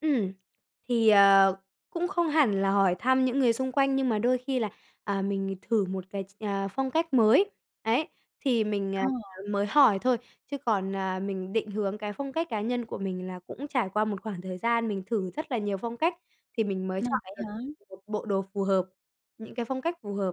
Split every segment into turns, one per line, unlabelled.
Ừm, thì, ờ, cũng không hẳn là hỏi thăm những người xung quanh nhưng mà đôi khi là, à, mình thử một cái ch à, phong cách mới ấy, thì mình, à,
Ờ.
mới hỏi thôi, chứ còn, à, mình định hướng cái phong cách cá nhân của mình là cũng trải qua một khoảng thời gian mình thử rất là nhiều phong cách thì mình mới
Ờ,
chọn
vậy
được
hả?
một bộ đồ phù hợp, những cái phong cách phù hợp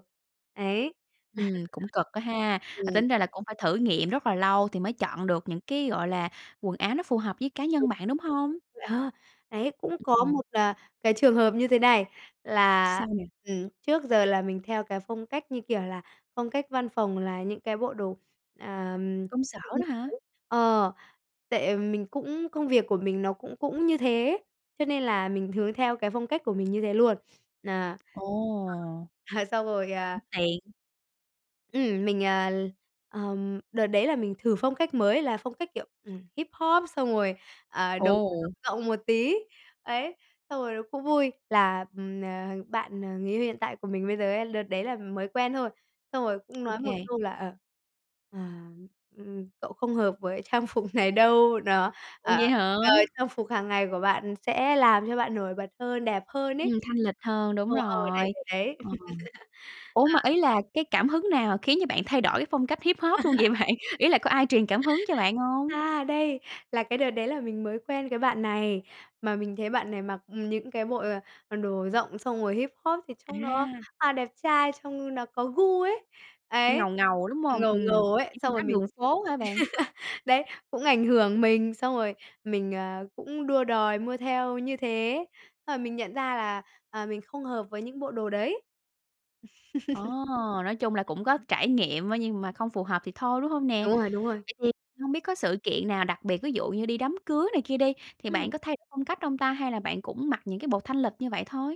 đấy,
Ừm, cũng cực á ha, à,
ừm.
tính ra là cũng phải thử nghiệm rất là lâu thì mới chọn được những cái, gọi là, quần áo nó phù hợp với cá
Đúng
nhân bạn,
rồi.
đúng hông?
Ờ, đấy, cũng có
Ừm.
một, ờ, cái trường hợp như thế này là,
Sao nè?
ừm, trước giờ là mình theo cái phong cách, như kiểu là, phong cách văn phòng là những cái bộ đồ, ờ, ừm,
Công sở đó hả?
[unintelligible] ờ, tại mình cũng, công việc của mình nó cũng cũng như thế, cho nên là mình hướng theo cái phong cách của mình như thế luôn. À, [unintelligible]
Ồ.
à, xong rồi,
Cũng
à
tiện.
Ừm, mình, à, ờm, đợt đấy là mình thử phong cách mới là phong cách, kiểu, ừm, Hip-hop xong rồi, à, đồ rộng
Ồ.
rộng một tí. Ấy, xong rồi nó cũng vui là, ừm, à, bạn, ờ, người yêu hiện tại của mình bây giờ ấy, đợt đấy là mới quen thôi, xong rồi cũng nói một
OK.
câu là, ờ, ờ, ừm, "Cậu không hợp với trang phục này đâu, đó.
Ủa,
Ờ,
vậy hả?
ờ, trang phục hàng ngày của bạn sẽ làm cho bạn nổi bật hơn, đẹp hơn ấy."
Ừm, thanh lịch hơn, đúng
Ờ, ờ, đấy,
rồi,
đấy, đấy.
ờ. Ủa, mà
À.
ý là cái cảm hứng nào khiến cho bạn thay đổi cái phong cách Hip-hop luôn vậy bạn? Ý là có ai truyền cảm hứng cho bạn hông?
A, đây, là cái đợt đấy là mình mới quen cái bạn này, mà mình thấy bạn này mặc, ừm, những cái bộ, ờ, đồ rộng xong rồi Hip-hop thì trông nó,
À.
à, đẹp trai, trông nó có gu ấy, ấy,
Ngầu, ngầu, đúng hông?
ngầu
Ừm,
ngầu ấy,
những
xong
phong
rồi
cách
mình
đường phố hả bạn?
đấy, cũng ảnh hưởng mình, xong rồi mình, ờ, cũng đua đòi mua theo như thế, xong rồi mình nhận ra là, à, mình không hợp với những bộ đồ đấy.
Ờ, nói chung là cũng có trải nghiệm á, nhưng mà không phù hợp thì thôi, đúng hông nè?
Đúng rồi, đúng rồi.
Vậy thì hông biết có sự kiện nào đặc biệt, ví dụ như đi đám cưới này kia đi, thì bạn
Ừm.
có thay đổi phong cách hông ta, hay là bạn cũng mặc những cái bộ thanh lịch như vậy thôi?